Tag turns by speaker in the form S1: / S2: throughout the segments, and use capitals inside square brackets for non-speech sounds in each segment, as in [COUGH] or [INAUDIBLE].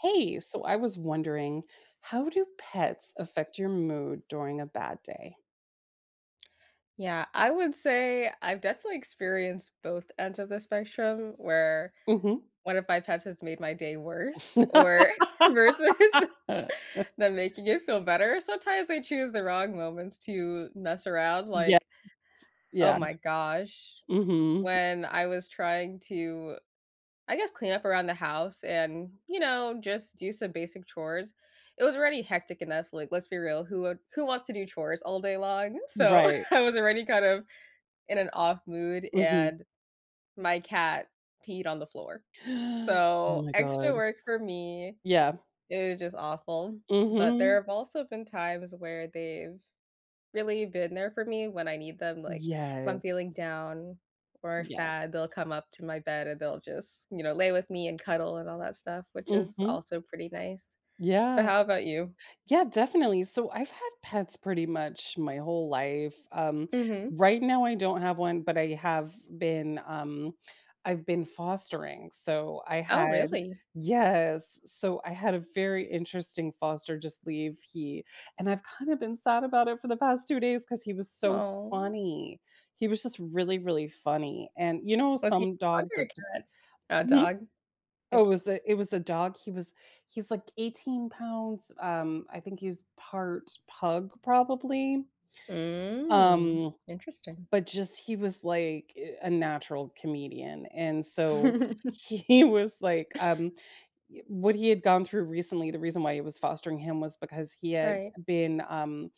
S1: Hey! So I was wondering, how do pets affect your mood during a bad day?
S2: Yeah, I would say, I've definitely experienced both ends of the spectrum, where
S1: Mhm.
S2: one of my pets has made my day worse, or versus
S1: [LAUGHS]
S2: them making it feel better. Sometimes they choose the wrong moments to mess around,
S1: Yes,
S2: like, oh
S1: yeah.
S2: my gosh.
S1: Mhm.
S2: When I was trying to, I guess, clean up around the house and, you know, just do some basic chores, it was already hectic enough, like, let's be real, who would who wants to do chores all day long? So
S1: Right.
S2: I was already kind of, in an off-mood,
S1: Mhm.
S2: and my cat peed on the floor.
S1: [GASPS] Oh
S2: So,
S1: my
S2: extra
S1: god.
S2: work for me,
S1: Yeah.
S2: it was just awful, but there
S1: Mhm.
S2: have also been times where they've really been there for me when I need them. Like, if I'm feeling
S1: Yes.
S2: down or sad, they'll
S1: Yes.
S2: come up to my bed, and they'll just, you know, lay with me and cuddle and all that stuff, which is
S1: Mhm.
S2: also pretty nice. But
S1: Yeah.
S2: how about you?
S1: Yeah, definitely. So I've had pets pretty much my whole life. Um,
S2: Mhm.
S1: right now, I don't have one, but I have been, um I've been fostering. So I
S2: Oh,
S1: had
S2: really?
S1: Yes. So, I had a very interesting foster just leave, he and I've kinda been sad about it for the past 2 days 'cause he was so
S2: Oh.
S1: funny. He was just really, really funny, and, you know,
S2: Was he
S1: some
S2: a dog
S1: dogs
S2: or
S1: are
S2: a
S1: just
S2: cat? A
S1: Hmm?
S2: dog?
S1: Oh, it
S2: Okay.
S1: was a it was a dog, he was he's, like, 18 pounds, um, I think he's part pug, probably,
S2: Mm.
S1: um,
S2: Interesting.
S1: but just he was, like, eh, a natural comedian, and, so
S2: [CHUCKLES]
S1: he was, like, um eh, what he had gone through recently, the reason why he was fostering him was because he had
S2: Right.
S1: been, um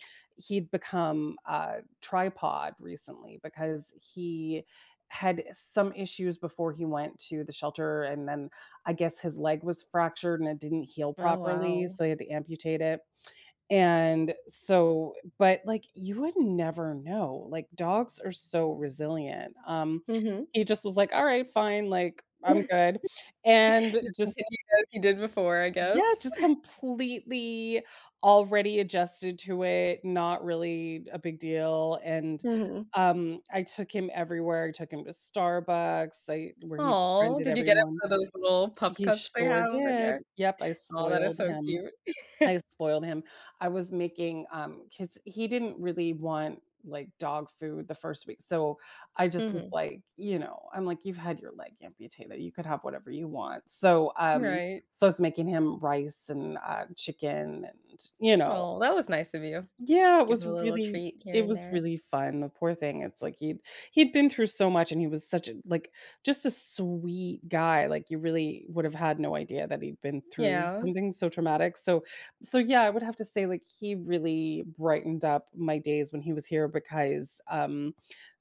S1: he'd become a tripod recently because he had, eh, some issues before he went to the shelter, and then I guess his leg was fractured and it didn't heal
S2: Oh,
S1: properly,
S2: wow.
S1: so he had to amputate it, [SMACKS LIPS] and, so but, like, you would never know. Like, dogs are so resilient. Um,
S2: Mhm.
S1: he just was like, "Alright, fine. Like, I'm
S2: [LAUGHS]
S1: good," and
S2: Just
S1: just
S2: continue as you did before, I
S1: Yeah,
S2: guess.
S1: just
S2: [LAUGHS]
S1: completely already adjusted to it, not really a big deal, and,
S2: Mhm.
S1: um, I took him everywhere, I took him to Starbucks, I where he
S2: Aw,
S1: befriended
S2: did you get it
S1: everyone.
S2: for those little pup
S1: He
S2: cups they
S1: sure
S2: have over there?
S1: did! Yep, I
S2: Aw, that is
S1: spoiled
S2: so
S1: him,
S2: cute. [LAUGHS]
S1: I spoiled him. I was making um, 'cause he didn't really want, like, dog food the first week. So, I just was
S2: Mhm.
S1: like, you know, I'm like, "You've had your leg amputated, you could have whatever you want," so, um
S2: Right.
S1: so I was making him rice and, uh, chicken and, you know.
S2: Well, that was nice of you.
S1: Yeah! It
S2: Give
S1: was
S2: him a little
S1: really
S2: treat here
S1: it
S2: and
S1: was
S2: there.
S1: really fun, the poor thing. It's like he'd he'd been through so much, and he was such a like, just a sweet guy. Like, you really would've had no idea that he'd been through
S2: Yeah.
S1: something so traumatic, so so, yeah, I would have to say, like, he really brightened up my days when he was here because, um,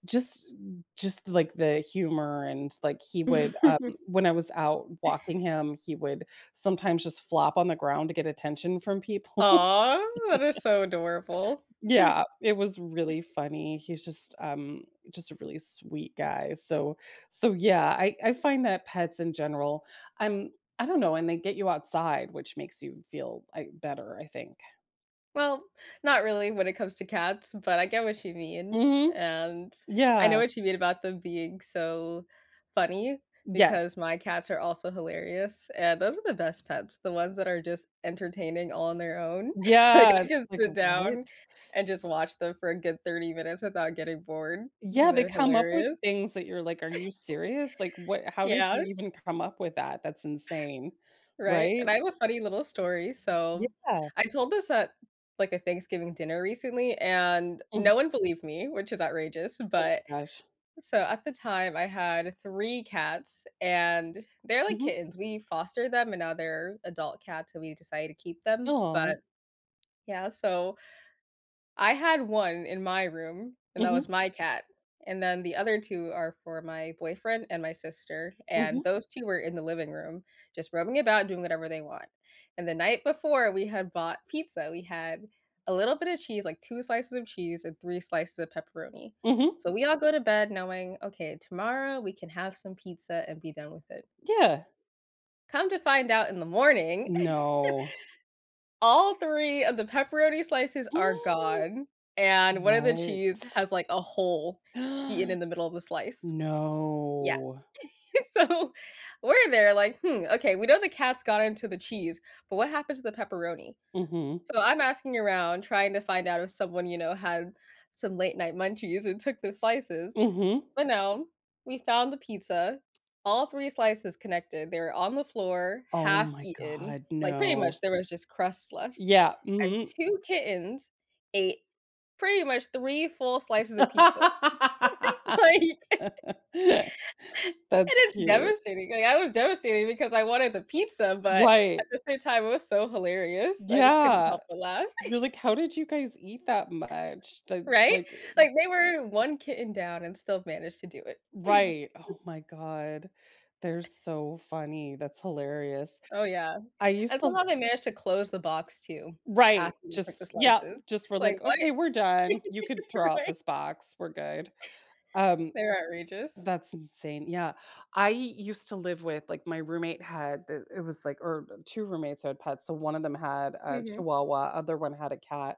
S1: just just, like, the humor and, like, he would, um,
S2: [CHUCKLES]
S1: when I was out walking him, he would sometimes just flop on the ground to get attention from people.
S2: Aw, that is
S1: [CHUCKLES]
S2: so adorable. [CHUCKLES]
S1: Yeah, it was really funny. He's just, um, just a really sweet guy. So so, yeah, I I find that pets in general I'm I don't know, and they get you outside, which makes you feel, I better, I think.
S2: Well, not really when it comes to cats, but I get what you mean,
S1: Mhm.
S2: and I
S1: Yeah.
S2: know what you mean about them being so funny
S1: Yes.
S2: because my cats are also hilarious, and those are the best pets, the ones that are just entertaining on their own. [CHUCKLES] Like,
S1: Yeah,
S2: I
S1: it's
S2: can
S1: like,
S2: sit down
S1: "What?"
S2: and just watch them for a good 30 minutes without getting bored, 'cause
S1: Yeah, they
S2: they're
S1: come up with
S2: hilarious.
S1: things that you're like, "Are you serious?" Like, "What
S2: [LAUGHS]
S1: how did you
S2: Yeah.
S1: even come up with that? That's insane."
S2: Right? And I
S1: Right?
S2: have a funny little story, so
S1: Yeah.
S2: I told this at, like, a Thanksgiving dinner recently, and no
S1: Mhm.
S2: one believed me, which is outrageous,
S1: Oh
S2: but
S1: my gosh.
S2: so at the time, I had 3 cats, and they're, like,
S1: Mhm.
S2: kittens, we foster them, and now they're adult cats, so we decided to keep them,
S1: Aw.
S2: but yeah, so I had 1 in my room, and that
S1: Mhm.
S2: was my cat. And then, the other 2 are for my boyfriend and my sister, and
S1: Mhm.
S2: those 2 were in the living room just rubbing about, doing whatever they want. And the night before, we had bought pizza, we had a little bit of cheese like, 2 slices of cheese and 3 slices of pepperoni.
S1: Mhm.
S2: So, we all go to bed knowing, "Okay, tomorrow we can have some pizza and be done with it."
S1: Yeah.
S2: Come to find out in the morning,
S1: No.
S2: [GIGGLES] all 3 of the pepperoni slices are gone,
S1: [GASPS]
S2: and one of the cheese
S1: .What?
S2: has, like, a hole eaten in
S1: [GASPS]
S2: the middle of the slice. Yeah.
S1: No.
S2: [GIGGLES] So, we're there like, "Hmm, okay. We know the cats got into the cheese, but what happened to the pepperoni?"
S1: Mhm.
S2: So I'm asking around trying to find out if someone, you know, had some late night munchies and took those slices.
S1: Mhm.
S2: But no, we found the pizza, all 3 slices connected, they were on the floor,
S1: Oh
S2: half
S1: my
S2: eaten,
S1: God.
S2: like, pretty
S1: No.
S2: much there was just crust left,
S1: Yeah.
S2: and
S1: Mhm.
S2: 2 kittens ate pretty much 3 full slices of pizza. [LAUGHS] It's like
S1: [LAUGHS]
S2: [LAUGHS]
S1: That's
S2: It is
S1: cute.
S2: devastating. I mean I was devastated because I wanted the pizza, but at
S1: Right.
S2: the same time, it was so hilarious. I just couldn't
S1: Yeah.
S2: help but laugh.
S1: You're
S2: [GIGGLES]
S1: like, "How did you guys eat that much? That,
S2: Right?
S1: like, i mm"
S2: Like, they were 1 kitten down and still managed to do it.
S1: Right.
S2: [CHUCKLES]
S1: Oh my god. They're so funny. That's hilarious.
S2: Oh, yeah,
S1: I used
S2: and
S1: to l
S2: somehow they managed to close the box too
S1: Right,
S2: after they took the
S1: just Yep.
S2: slices,
S1: Just for,
S2: like,
S1: like,
S2: "What?"
S1: "Okay, we're done.
S2: [LAUGHS]
S1: You could throw out
S2: Right?
S1: this box. We're good." Um,
S2: [CHUCKLES] They're outrageous.
S1: that's insane. Yeah, I used to live with, like My roommate had the it was like or, uh, 2 roommates had pets. So one of them had a
S2: Mhm.
S1: chihuahua, other one had a cat,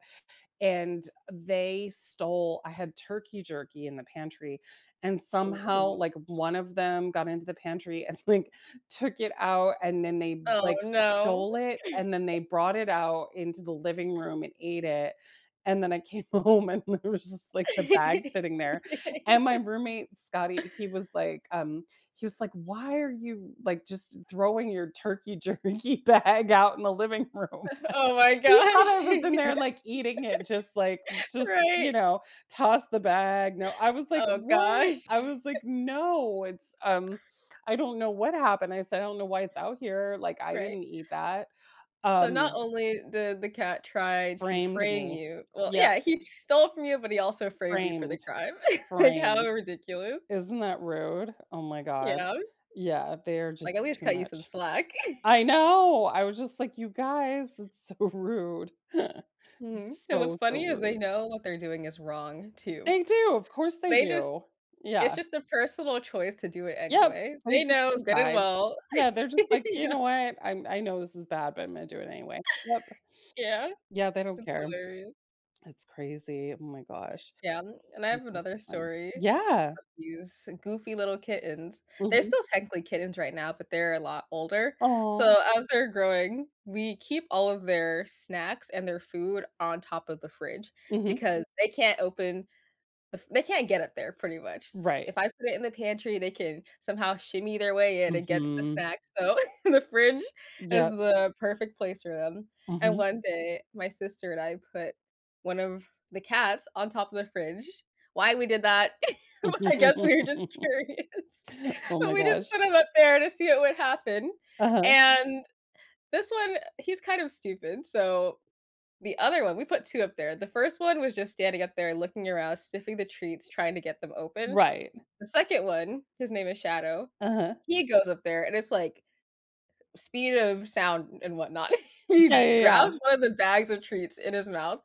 S1: and they stole I had turkey jerky in the pantry, and somehow,
S2: Mhm.
S1: like, one of them got into the pantry and, like, took it out, and then they b
S2: Oh,
S1: like,
S2: no.
S1: stole it, and then
S2: [GIGGLES]
S1: they brought it out into the living room and ate it, and then I came home, and there was just, like, the bag sitting there, and my
S2: [LAUGHS]
S1: roommate, Scotty, he was like, um he was like, "Why are you, like, just throwing your turkey jerky bag out in the living room?"
S2: Uh, oh my
S1: He thought
S2: gosh.
S1: I was in there,
S2: [GIGGLES]
S1: like, eating it just, like just, you
S2: Right?
S1: know, toss the bag, no, I was like,
S2: Oh
S1: "What?" I
S2: gosh.
S1: was like,
S2: [LAUGHS]
S1: "No, it's, um I don't know what happened." I said, "I don't know why it's out here, like, I
S2: Right.
S1: didn't eat that."
S2: So not
S1: Um.
S2: only the the cat tried to
S1: Framed
S2: frame
S1: me.
S2: you Well,
S1: Yep.
S2: yeah, he just stole from you, but he also framed you for the
S1: Framed.
S2: crime. [CHUCKLES] Like, how
S1: Framed.
S2: ridiculous.
S1: Isn't that rude? Oh my god.
S2: Yeah.
S1: Yeah. They're
S2: Like, at
S1: just
S2: least
S1: too
S2: cut you some
S1: much.
S2: slack. [GIGGLES]
S1: I know, I was just like, "You guys, that's so rude." [LAUGHS]
S2: Mhm. And
S1: So,
S2: what's
S1: so
S2: funny is they
S1: rude.
S2: know what they're doing is wrong too.
S1: They do, of course, they
S2: They just
S1: do.
S2: It's
S1: Yeah.
S2: just a personal choice to do it
S1: Yep,
S2: anyway.
S1: they
S2: They
S1: just
S2: know good and
S1: decide.
S2: well.
S1: Yeah. They're just
S2: [GIGGLES]
S1: like, "You
S2: Yeah.
S1: know what? I'm I know this is bad, but Imma do it anyway." Yep.
S2: Yeah.
S1: Yeah, they don't
S2: That's
S1: care.
S2: hilarious.
S1: It's crazy. Oh my gosh.
S2: Yeah. And I
S1: These
S2: have
S1: are so
S2: another
S1: fun.
S2: story of
S1: Yeah.
S2: these goofy little kittens. They're
S1: Mhm.
S2: still technically kittens right now, but they're a lot older.
S1: Aw.
S2: So, as they're growing, we keep all of their snacks and their food on top of the fridge,
S1: Mhm.
S2: because they can't open the f they can't get up there pretty much.
S1: Right.
S2: If I put it in the pantry, they can somehow shimmy their way in and get to the
S1: Mhm.
S2: snacks. So, [CHUCKLES] the fridge is
S1: Yep.
S2: the perfect place for 'em, and
S1: Mhm.
S2: one day, my sister and I put one of the cats on top of the fridge. Why we did that? [GIGGLES] Well, I guess we were just
S1: [LAUGHS]
S2: curious,
S1: Oh
S2: and
S1: my
S2: we just
S1: gosh.
S2: put him up there to see what would happen,
S1: Uh-huh.
S2: and this one, uh, he's kind of stupid, so, the other one we put 2 up there. The 1st one was just standing up there looking around, sniffing the treats, trying to get them open.
S1: Right.
S2: The 2nd one- his name is Shadow,-
S1: Uh-huh.
S2: he goes up there, and it's, like, speed of sound and whatnot, [CHUCKLES] he
S1: Yeah, yeah,
S2: grabs
S1: yeah.
S2: one of the bags of treats in his mouth,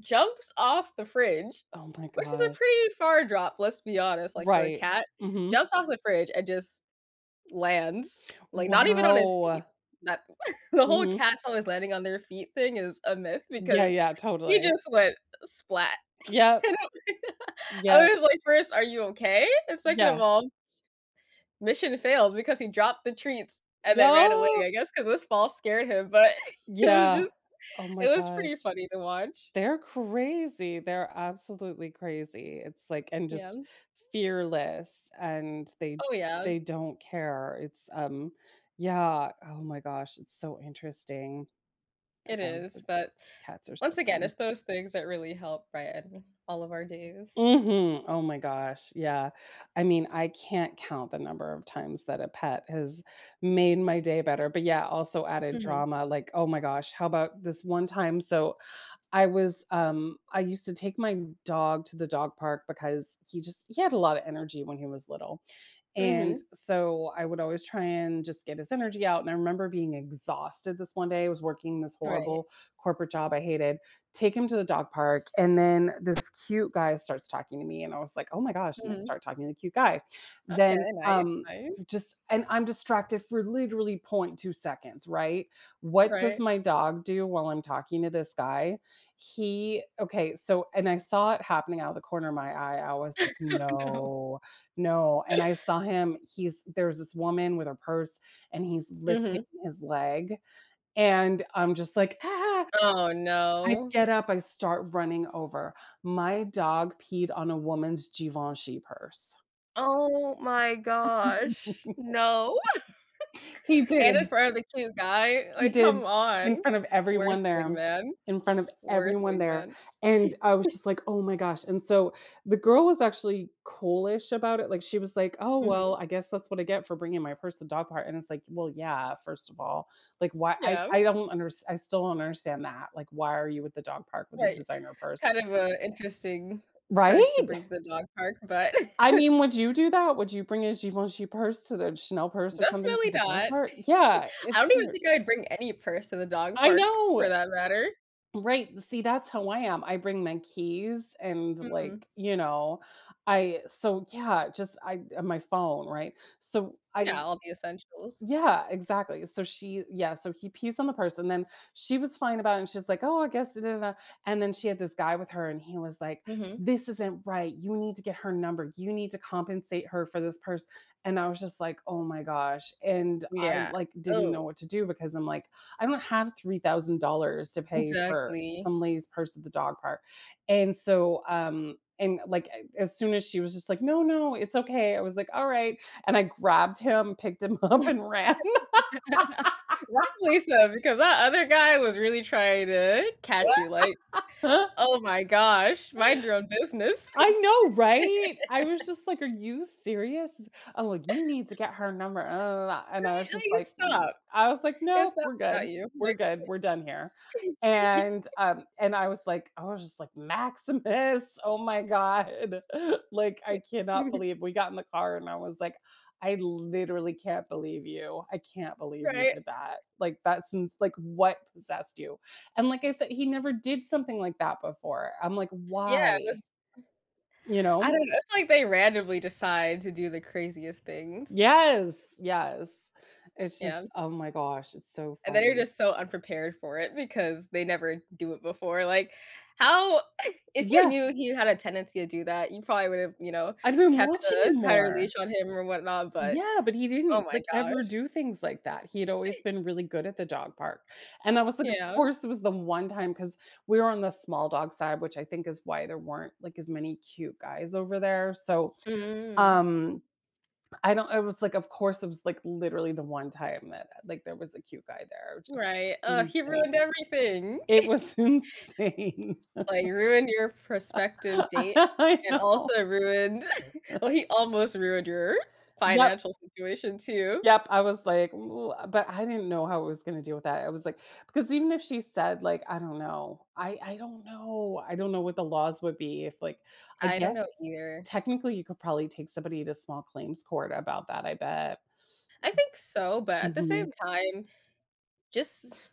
S2: jumps off the fridge,
S1: Oh my
S2: which is a
S1: gosh.
S2: pretty far drop, let's be honest, like, for a
S1: Right.
S2: cat,
S1: Mhm.
S2: jumps off the fridge and just lands, like, not even on his feet,
S1: Wow.
S2: that [CHUCKLES] the whole
S1: Mhm.
S2: cats always landing on their feet thing is a myth
S1: Yeah,
S2: because
S1: yeah,
S2: he
S1: totally.
S2: just went splat. [LAUGHS]
S1: Yep.
S2: Can't help it. [LAUGHS] I
S1: Yep.
S2: was like, first, "Are you okay?" And second of
S1: Yeah.
S2: all mission failed because he dropped the treats and then ran away,
S1: No.
S2: I guess, 'cause this fall scared him. But [GIGGLES] it was
S1: Yeah.
S2: just
S1: Oh my
S2: Iit was
S1: gosh.
S2: pretty funny to watch.
S1: They're crazy, they're absolutely crazy, it's, like and just
S2: Yeah.
S1: fearless, and they
S2: Oh, yeah.
S1: they don't care. It's, um Yeah. Oh my gosh. It's so interesting.
S2: It is.
S1: [UNINTELLIGIBLE]
S2: But
S1: Cats are so
S2: once again,
S1: funny.
S2: it's those things that really help, right? In all of our days.
S1: Mhm. Oh my gosh. Yeah. I mean, I can't count the number of times that a pet has made my day better, but, yeah, also added
S2: Mhm.
S1: drama, like, oh my gosh. How 'bout this one time, so, I was, um I used to take my dog to the dog park because he just he had a lotta energy when he was little, and
S2: Mhm.
S1: so, I would always try and just get his energy out, and I remember being exhausted this one day- I was working this
S2: Right.
S1: horrible corporate job I hated- take him to the dog park, and then this cute guy starts talking to me, and I was like, "Oh my gosh," and I
S2: Mhm.
S1: start talking to the cute guy, then,
S2: Okay. Nice.
S1: um,
S2: Nice.
S1: just and I'm distracted for literally .2 seconds, right? What does
S2: Right.
S1: my dog do while I'm talking to this guy? He Okay, so And I saw it happening out of the corner of my eye. I was,
S2: [LAUGHS] Oh, no.
S1: "No. No," and I saw him, he's There's this woman with her purse, and he's lifting
S2: Mhm.
S1: his leg, and I'm just like, "Ah!"
S2: Oh,
S1: I
S2: no.
S1: get up, I start running over. My dog peed on a woman's Givenchy purse.
S2: Oh my gosh,
S1: [LAUGHS]
S2: no.
S1: He
S2: [GIGGLES] And, in
S1: did.
S2: front of the cute guy,
S1: He
S2: like,
S1: did,
S2: come on,
S1: in front of
S2: worst
S1: everyone there,
S2: wingman,
S1: in front of
S2: worst
S1: everyone there,
S2: wingman.
S1: and, I was
S2: [GIGGLES]
S1: just like, "Oh, my gosh," and so the girl was actually cool-ish about it, like, she was, like, "Oh, well,
S2: Mhm.
S1: I guess that's what I get for bringing my purse to dog park," and it's like, well, yeah, first of all, like, why I
S2: Yeah.
S1: I don't unders I still don't understand that, like, why are you with the dog park with the
S2: Right,
S1: designer purse?
S2: kind of a interesting purse to
S1: Right?
S2: bring to the dog park, but
S1: I mean, would you do
S2: [CHUCKLES]
S1: that? Would you bring a Givenchy purse to the Chanel purse or something to
S2: Definitely
S1: the dog
S2: not.
S1: park? Yeah,
S2: [CHUCKLES] I
S1: it's
S2: don't even
S1: weird.
S2: think I'd bring any purse to the dog
S1: I
S2: park, for
S1: know.
S2: that matter.
S1: Right, see, that's how I am, I bring my keys and,
S2: Mhm.
S1: like, you know, I so, yeah, just I, uh, my phone, right? So,
S2: Yeah,
S1: I
S2: all the essentials.
S1: Yeah, exactly, so she Yeah, so he pees on the purse, and then she was fine about it, and she's like, "Oh, I guess," [UNINTELLIGIBLE] and then she had this guy with her, and he was like,
S2: Mhm.
S1: "This isn't right, you need to get her number; you need to compensate her for this purse," and I was just like, "Oh my gosh," and I,
S2: Yeah,
S1: like, didn't
S2: oh.
S1: know what to do because I'm like, "I don't have $3,000 to pay for
S2: Exactly.
S1: some lady's purse at the dog park." And so, um, and, like, a as soon as she was just like, "No, no, it's okay," I was like, "Alright," and I grabbed him, picked him up, and ran.
S2: [LAUGHS] Right
S1: [LAUGHS]
S2: place, though, because that other guy was really trying to catch you, like,
S1: [LAUGHS]
S2: oh my gosh, mind your own business.
S1: I know, right? I was
S2: [LAUGHS]
S1: just like, "Are you serious?" "Oh, you need to
S2: [LAUGHS]
S1: get her number." And I was
S2: Right, like,
S1: just
S2: you
S1: like, uhm,
S2: stop.
S1: I was like,
S2: It's
S1: "Nope,
S2: not
S1: we're good,
S2: about you,
S1: we're
S2: like,
S1: good; we're done here."
S2: it [GIGGLES]
S1: And, um, and I was like I was just like, "Maximus. Oh my God." [LAUGHS] Like,
S2: Yeah.
S1: I cannot
S2: [CHUCKLES]
S1: believe we got in the car, and I was like, "I literally can't believe you, I can't believe you
S2: Right.
S1: did that, like, that seems like what possessed you?" And like I said, he never did something like that before, I'm like,
S2: Yeah, it was
S1: "Why?"
S2: mm,
S1: You
S2: I
S1: know?
S2: don't know, it's like they randomly decide to do the craziest things.
S1: Yes, yes, it's
S2: Yeah.
S1: just oh my gosh, it's so
S2: And then you're
S1: funny.
S2: just so unprepared for it because they never do it before, like, how [CHUCKLES] if you
S1: Yeah.
S2: knew he had a tendency to do that, you probably would have, you know,
S1: I've been
S2: kept
S1: watching
S2: the
S1: him
S2: entire leash
S1: more.
S2: on him or whatnot, but
S1: Yeah, but he
S2: oh
S1: didn't,
S2: my
S1: like, ever
S2: gosh.
S1: do things like that; he had always
S2: [GIGGLES]
S1: been really good at the dog park, and I was like, "Of
S2: Yeah.
S1: course, it was the one time" 'Cause we were on the small dog side, which I think is why there weren't, like, as many cute guys over there, so,
S2: Mm.
S1: um, I don't I was like, "Of course, it was, like, literally the one time that, like, there was a cute guy there." Just
S2: Right, ugh, he ruined
S1: insane.
S2: everything.
S1: It was insane.
S2: [GIGGLES] Like, ruined your prospective
S1: [LAUGHS]
S2: date
S1: I
S2: and
S1: know.
S2: also ruined [CHUCKLES]
S1: [CHUCKLES]
S2: well, he almost ruined your
S1: Yup.
S2: financial situation, too.
S1: Yup, I was like, "Ooh," but I didn't know how I was gonna deal with that, I was like because even if she said, like, I don't know. I I don't know, I don't know what the laws would be if, like I
S2: I don't know
S1: guess,
S2: either.
S1: technically, you could probably take somebody to small claims court about that, I bet.
S2: I think so, but at the same
S1: Mhm.
S2: time, just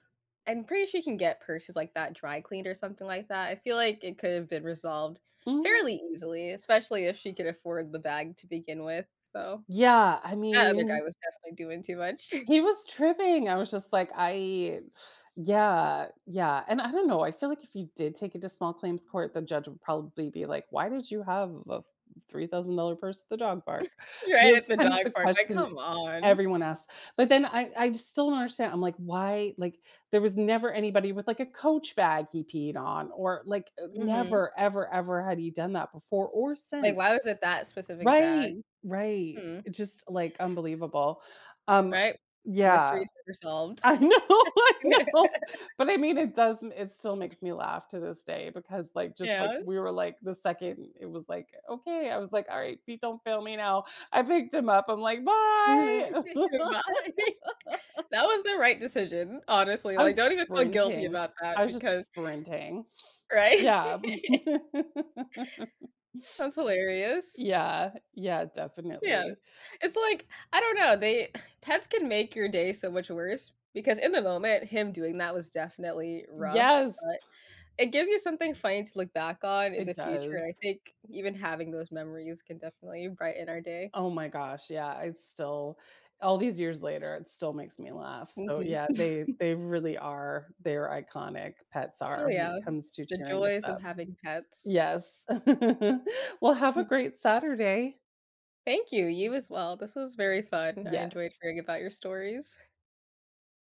S2: I'm pretty sure you can get purses like that dry cleaned or something like that, I feel, like, it could've been resolved
S1: Mm.
S2: fairly easily, especially if she could afford the bag to begin with, so
S1: Yeah, I
S2: that other guy
S1: mean
S2: was definitely doing too much. [CHUCKLES]
S1: he was tripping, I was just like, "I" yeah, yeah, and I don't know, I feel like if you did take it to small claims court, the judge would probably be like, "Why did you have a f $3,000 purse at the dog park?"
S2: [CHUCKLES] Right at
S1: That's
S2: the
S1: kind of
S2: dog
S1: the
S2: park, like,
S1: question
S2: come on.
S1: everyone asks, but then I I still don't understand, I'm like, "Why" like, there was never anybody with, like, a Coach bag he peed on or, like,
S2: Mhm.
S1: never ever ever had he done that before or
S2: Like,
S1: since.
S2: why was it that specific
S1: Right.
S2: bag?
S1: Right,
S2: Hmm.
S1: it just, like, unbelievable. Um,
S2: Right?
S1: yeah,
S2: Mysteries resolved.
S1: I know, I know. But I mean,
S2: [LAUGHS]
S1: it doesn't it still makes me laugh to this day because, like just, like,
S2: Yeah.
S1: we were, like, the 2nd it was, like, "Okay." I was like, "Alright, feet don't fail me now." I picked him up. I'm like,
S2: Mhm.
S1: "Bye!"
S2: Bye.
S1: [LAUGHS]
S2: That was the right decision, honestly,
S1: I
S2: like,
S1: was
S2: don't even feel guilty
S1: sprinting.
S2: about
S1: I
S2: that
S1: was just
S2: because
S1: sprinting.
S2: Right?
S1: Yeah. [LAUGHS]
S2: That's hilarious.
S1: Yeah, yeah,
S2: Yeah,
S1: definitely.
S2: it's like I don't know, they uh, pets can make your day so much worse because in the moment, him doing that was definitely rough,
S1: Yes.
S2: but it gives you something funny to look back on in
S1: It
S2: the future and
S1: does.
S2: I think even having those memories can definitely brighten our day.
S1: Oh my gosh, yeah, it's still all these years later, it still makes me laugh, so,
S2: Mhm.
S1: yeah, they
S2: [CHUCKLES]
S1: they really are, they're iconic- pets
S2: Oh,
S1: are- when it
S2: yeah,
S1: comes to
S2: the
S1: tearing it
S2: joys of
S1: up.
S2: having pets.
S1: Yes. [CHUCKLES] Well, have a
S2: Hmm.
S1: great Saturday.
S2: Thank you, you as well, this was very fun, I enjoyed
S1: Yes.
S2: hearing about your stories.